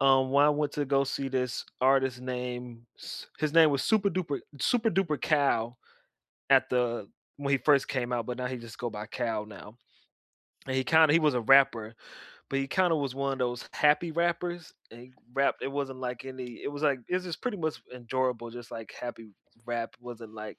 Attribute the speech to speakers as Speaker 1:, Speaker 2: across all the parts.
Speaker 1: Um, when I went to go see this artist named S his name was Super Duper Super Duper Cal at the when he first came out, but now he just go by Cal now. And he kinda he was a rapper, but he kinda was one of those happy rappers, and he rapped it wasn't, like, any it was, like, it was just pretty much enjoyable, just, like, happy rap, wasn't, like,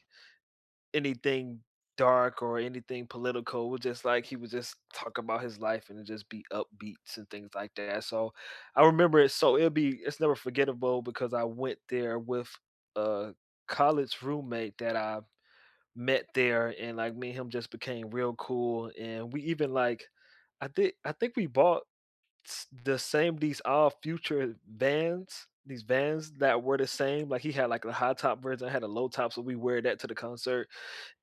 Speaker 1: anything dark or anything political, it was just, like, he would just talk about his life and just be upbeats and things like that so I remember it so it'll be it's never forgettable because I went there with a college roommate that I met there and, like, me and him just became real cool and we even, like I thi I think we bought s the same these Odd Future Vans, these Vans that were the same like, he had, like, a high top version, I had a low top, so we wear that to the concert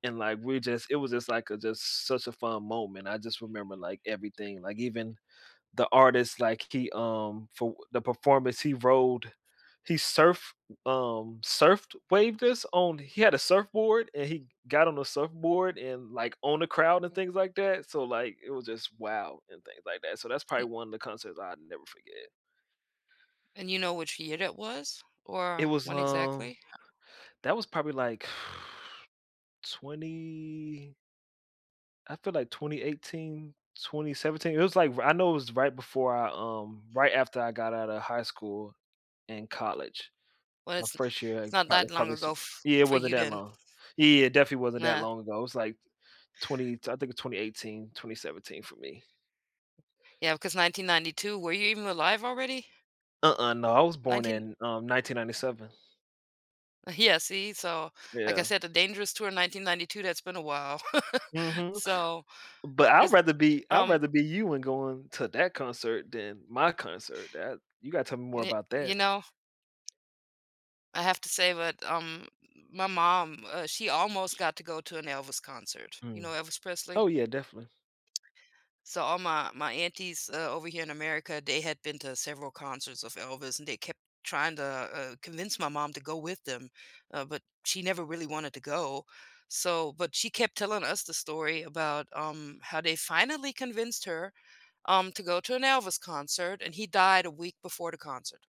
Speaker 1: and like we just, it was just, like, a just such a fun moment, I just remember, like, everything, like, even the artist, like, he, um for the performance he rode he surfed, um, surfed waved us on he had a surfboard and he got on the surfboard and, like, on the crowd and things like that, so, like, it was just, "Wow," and things like that. So that's probably
Speaker 2: E
Speaker 1: one of the concerts I'd never forget.
Speaker 2: And you know which year it was,
Speaker 1: It
Speaker 2: or
Speaker 1: was,
Speaker 2: when
Speaker 1: um
Speaker 2: exactly?
Speaker 1: that was probably, like 20 I feel, like, 2018, 2017, it was like ri I know it was right before I, um, right after I got outta high school and college,
Speaker 2: Well,
Speaker 1: my
Speaker 2: it's
Speaker 1: first year
Speaker 2: it's
Speaker 1: in
Speaker 2: not that
Speaker 1: college,
Speaker 2: long
Speaker 1: probably
Speaker 2: ago
Speaker 1: so
Speaker 2: f
Speaker 1: yeah, it
Speaker 2: for
Speaker 1: wasn't
Speaker 2: you
Speaker 1: that
Speaker 2: then.
Speaker 1: long. Yeah, it definitely wasn't that
Speaker 2: Nah.
Speaker 1: long ago, it was like 20 so I think it's 2018, 2017 for me.
Speaker 2: Yeah, because 1992 were you even alive already?
Speaker 1: Uh-uh, no, I was born
Speaker 2: 19
Speaker 1: in, um, 1997.
Speaker 2: Yeah, see, so, like I
Speaker 1: Yeah.
Speaker 2: said, the Dangerous tour in 1992, that's been a while.
Speaker 1: Mhm,
Speaker 2: So
Speaker 1: but I'd
Speaker 2: it's,
Speaker 1: rather be I'd
Speaker 2: um
Speaker 1: rather be you and going to that concert than my concert that you gotta tell me more
Speaker 2: Ye
Speaker 1: about
Speaker 2: you
Speaker 1: that.
Speaker 2: know. I have to say that, um, my mom, uh, she almost got to go to an Elvis concert, you know,
Speaker 1: Mm.
Speaker 2: Elvis Presley?
Speaker 1: Oh yeah, definitely.
Speaker 2: So all my my aunties, uh, over here in America, they had been to several concerts of Elvis and they kept trying to uh, uh, convince my mom to go with them, uh, but she never really wanted to go, so but she kept telling us the story about, um, how they finally convinced her, um, to go to an Elvis concert and he died a week before the concert.